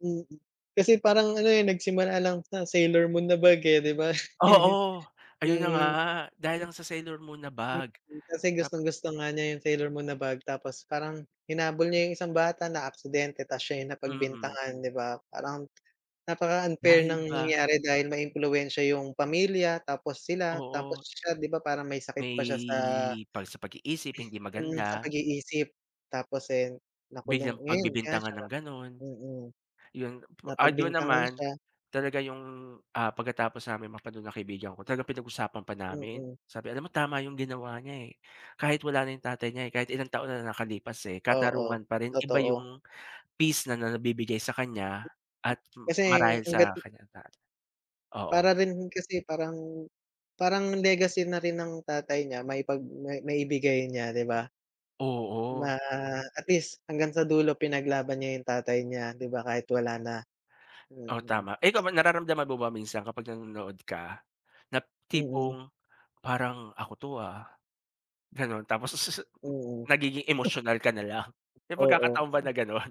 Mm. Kasi parang ano, eh, nagsimula lang sa Sailor Moon na bag, eh, 'di ba? Oo. Ayun na nga. Mm. Dahil lang sa Sailor Moon na Mm. bag. Kasi Nap gustong-gusto nga niya yung Sailor Moon na bag, tapos parang hinabol niya yung isang bata, na-aksidente, tas siya yung Mm. napagbintangan, 'di ba? Parang napaka-unfair Dahil ng ba nangyari dahil maimpluwensya yung pamilya, tapos sila, tapos Oo. siya, 'di ba parang may sakit pa siya sa May, 'pag sa pag-iisip hindi mm, sa maganda. pag-iisip. Tapos, eh, nakulong, Biglang ngayon kaya pagbibintangan siya na ng ganun. mm. Yun, ah, dun Napagbintangan naman, siya. talaga yung, ah, pagkatapos namin mapanuod ng kaibigan ko, talagang pinag-usapan pa namin, Mm. sabi, "Alam mo tama yung ginawa niya, eh, kahit wala na yung tatay niya, eh, kahit ilang taon na ang nakalipas, eh, Oo. katarungan pa rin, iba Totoo. yung peace na na nabibigay sa kaniya, at Kasi marahil sa hangga't kaniyang tatay." Oo. Para rin kasi, parang parang legacy na rin ng tatay niya maipag ma maibigay niya, 'di ba? Oo. Ma at least hanggang sa dulo pinaglaban niya yung tatay niya, 'di ba? Kahit wala na. Oh, Mm. tama. Eh, ikaw ba? Nararamdaman mo ba minsan kapag nanonood ka, na Mm. tipong, "Parang ako 'to, ah." Gano'n? Tapos sususu Mm. nagiging emotional ka nalang. May Oo. pagkakataon ba na gano'n?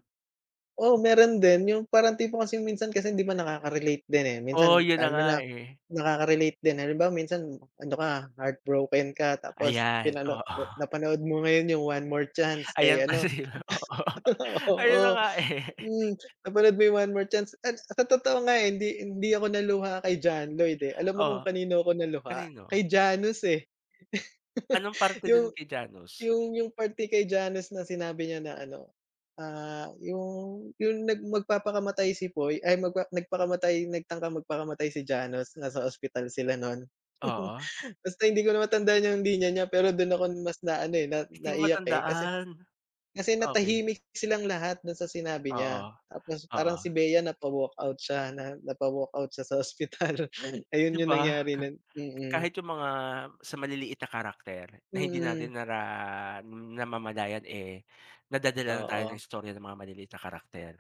Oo, meron din. Yung parang tipo kasi minsan kasi hindi ba, nakakarelate din, eh. Oo. Minsan Yun na ano nga, na, eh. nakaka-relate din, eh. Halimbawa minsan ano ka, heartbroken ka, tapos Ayan. pinano Oo. napanood mo ngayon yung One More Chance, kay Ayan pala ano. yon, oo. Ayun na Oo. nga, eh. Mm. Napanood mo yung One More Chance, at sa totoo nga, eh, hindi hindi ako naluha kay John Lloyd, eh. Alam mo kung Oh. kanino ako naluha? Kanino? Kay Janus, eh. Anong parte dun Yung kay Janus? yung yung parte kay Janus na sinabi niya na ano, ah, yung yung nag magpapakamatay si Poy, ay magpa nagpakamatay, nagtangkang magpakamatay si Janus, nasa ospital sila nun. Oo. Basta hindi ko na matandaan yung linya niya, pero dun ako mas na ano, eh, na Hindi ko naiyak, eh, kasi matandaan. kasi Okay. natahimik silang lahat dun sa sinabi Oo. niya, tapos Oo. parang si Bea napa-walkout siya, na napa-walkout siya sa ospital. Ayun 'Di yung ba? nangyari nun. Mm. Kahit yung mga sa maliliit na character, na hindi Mm. natin nara namamalayan, eh, nadadala na tayo ng Oo. istorya ng mga maliliit na karakter.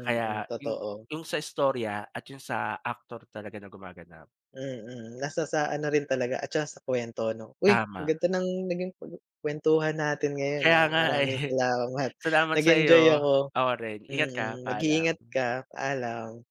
Kaya yung Totoo. yung sa istorya, at yung sa aktor talaga na gumaganap. Mm. Nasa sa ano rin talaga, at saka sa kwento 'no? Uy, ang Tama. ganda ng naging paguu kwentuhan natin ngayon, Kaya ah. nga, Maraming eh. salamat. Salamat sa Nag-enjoy iyo. ako. Ako rin. Ingat ka. Mm. Mag-iingat Paalam. ka. Paalam.